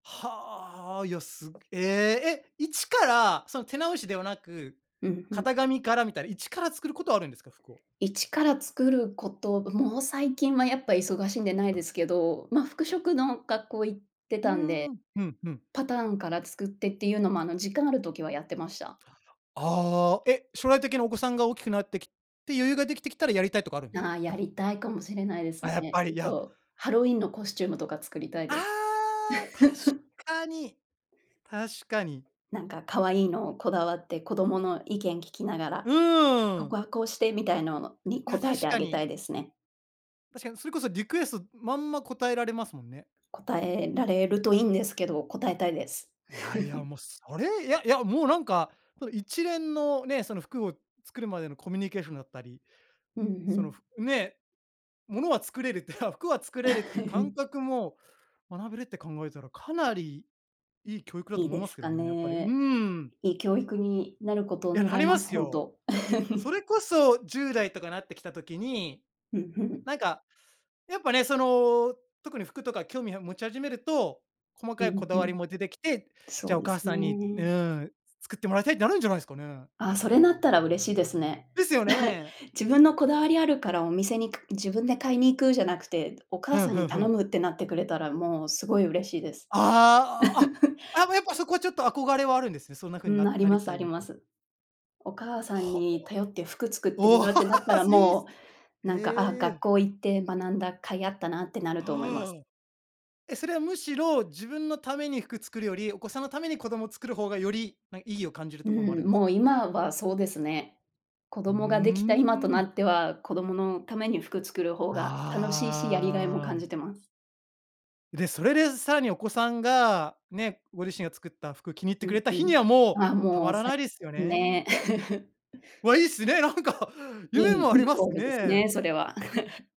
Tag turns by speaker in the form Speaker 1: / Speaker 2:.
Speaker 1: はあ。いや、すええ、え、一から、その手直しではなく、
Speaker 2: うん、ふん。
Speaker 1: 型紙からみたいな一から作ることはあるんですか？服を。
Speaker 2: 一から作ること、もう最近はやっぱ忙しいんでないですけど、ま、服飾の学校行って
Speaker 1: ふ
Speaker 2: たんで。
Speaker 1: ーん。ふんふん。
Speaker 2: パターンから作ってっていうのも、あの、時間ある時はやってました。
Speaker 1: ああ、え、将来的にお子さんが大きくなってきて余裕が出来てきたらやりたいとかあるんですか？
Speaker 2: ああ、やりたいかもしれないです
Speaker 1: あ、やっ
Speaker 2: ね。
Speaker 1: ぱ
Speaker 2: ちょ
Speaker 1: り、
Speaker 2: っ
Speaker 1: や
Speaker 2: とハロウィンのコスチュームとか作りたい
Speaker 1: あ
Speaker 2: です。
Speaker 1: あ、確 かに、確かに。
Speaker 2: なんか可愛いのをこだわって、子どもの意見聞きなが
Speaker 1: う
Speaker 2: ら、「こ
Speaker 1: ーん。
Speaker 2: こはこうして」みたいのに、
Speaker 1: いや、
Speaker 2: 答え
Speaker 1: 確
Speaker 2: てあ
Speaker 1: か
Speaker 2: げた
Speaker 1: に。
Speaker 2: いですね。
Speaker 1: 確かにそれこそリクエストまんま答えられますもんね。
Speaker 2: 答えられるといいんですけど、答えたいです。
Speaker 1: いやいや もうそれいやいや、もうなんか、この一連のね、その服を作るまでのコミュニケーションだったり、
Speaker 2: うん、ふ
Speaker 1: その
Speaker 2: ん。
Speaker 1: ふね、ものは作れるって 服は作れるっていう感 覚も学べるって考えたら、かなり良い教育だ
Speaker 2: い
Speaker 1: と
Speaker 2: い
Speaker 1: 思い
Speaker 2: で
Speaker 1: ます
Speaker 2: す
Speaker 1: け
Speaker 2: か
Speaker 1: どね、やっぱり。うー
Speaker 2: ね。
Speaker 1: ん。
Speaker 2: いい教育になることを
Speaker 1: いや、
Speaker 2: 願
Speaker 1: な
Speaker 2: い
Speaker 1: り
Speaker 2: ま
Speaker 1: ま
Speaker 2: す。
Speaker 1: す
Speaker 2: ほん
Speaker 1: よ。
Speaker 2: と。
Speaker 1: そ れこそ10代とかなってきた時に、
Speaker 2: ふんふん。
Speaker 1: なんかやっぱね、その、特に服とか興味は持ち始めると、細
Speaker 2: う
Speaker 1: かいこ
Speaker 2: ん
Speaker 1: だ
Speaker 2: う
Speaker 1: わり
Speaker 2: ん。
Speaker 1: も出てきて、じゃ
Speaker 2: そ
Speaker 1: あ
Speaker 2: う
Speaker 1: お
Speaker 2: です
Speaker 1: 母さんに、う
Speaker 2: ね。
Speaker 1: ーん、作ってもらいたいってなるんじゃないすかね。
Speaker 2: あ、それなったら嬉しいですね。
Speaker 1: ですよ ね。
Speaker 2: 自分のこだわりあるからお店にか自分で買いに行くじゃなくて、お
Speaker 1: ふ
Speaker 2: 母
Speaker 1: ん
Speaker 2: さん
Speaker 1: ふ
Speaker 2: に
Speaker 1: んふ
Speaker 2: 頼
Speaker 1: ん。
Speaker 2: むってなってくれたら、もうすごい嬉しいです。
Speaker 1: ああ、ああ、やっぱそこはちょっと憧れはあるんですね。そんな風に、
Speaker 2: うん、
Speaker 1: な
Speaker 2: あり
Speaker 1: な
Speaker 2: ま
Speaker 1: り
Speaker 2: す
Speaker 1: た
Speaker 2: あ
Speaker 1: い
Speaker 2: り
Speaker 1: みた
Speaker 2: ま
Speaker 1: い
Speaker 2: す。お母さん
Speaker 1: はあ。
Speaker 2: に頼って服作っても
Speaker 1: お、
Speaker 2: らうってなったら、
Speaker 1: いい
Speaker 2: も
Speaker 1: す [unintelligible]
Speaker 2: う、なんか、あ、
Speaker 1: へ
Speaker 2: 学
Speaker 1: え。
Speaker 2: 校行って学んだ甲斐あったなってなると思います。
Speaker 1: ああ。え、それはむしろ、自分のために服作るより、お子さんのために子ども作る方がより、ま、意義を感じる
Speaker 2: う
Speaker 1: ところもあるん
Speaker 2: ん、
Speaker 1: です
Speaker 2: も
Speaker 1: か？
Speaker 2: う今はそうですね。子
Speaker 1: う
Speaker 2: 供が出来た今と
Speaker 1: ー
Speaker 2: な
Speaker 1: ん。
Speaker 2: っては、子どものために服作る方が楽しいし、やりがいも
Speaker 1: あ
Speaker 2: 感
Speaker 1: あ。
Speaker 2: じてます。
Speaker 1: で、それでさらにお子さんが、ね、ご自身が作った服気に入っ
Speaker 2: う
Speaker 1: てく
Speaker 2: ん
Speaker 1: れた
Speaker 2: う
Speaker 1: 日に
Speaker 2: ん。
Speaker 1: はもう、
Speaker 2: ああ、
Speaker 1: たま
Speaker 2: もう
Speaker 1: ら
Speaker 2: さい
Speaker 1: ないですよ
Speaker 2: [unintelligible]
Speaker 1: ね。
Speaker 2: ね。
Speaker 1: わ、いいっすね。なんか、
Speaker 2: い
Speaker 1: 夢
Speaker 2: い
Speaker 1: もあ
Speaker 2: い
Speaker 1: り
Speaker 2: い
Speaker 1: ます
Speaker 2: ゴールです
Speaker 1: ね。
Speaker 2: ね、それは。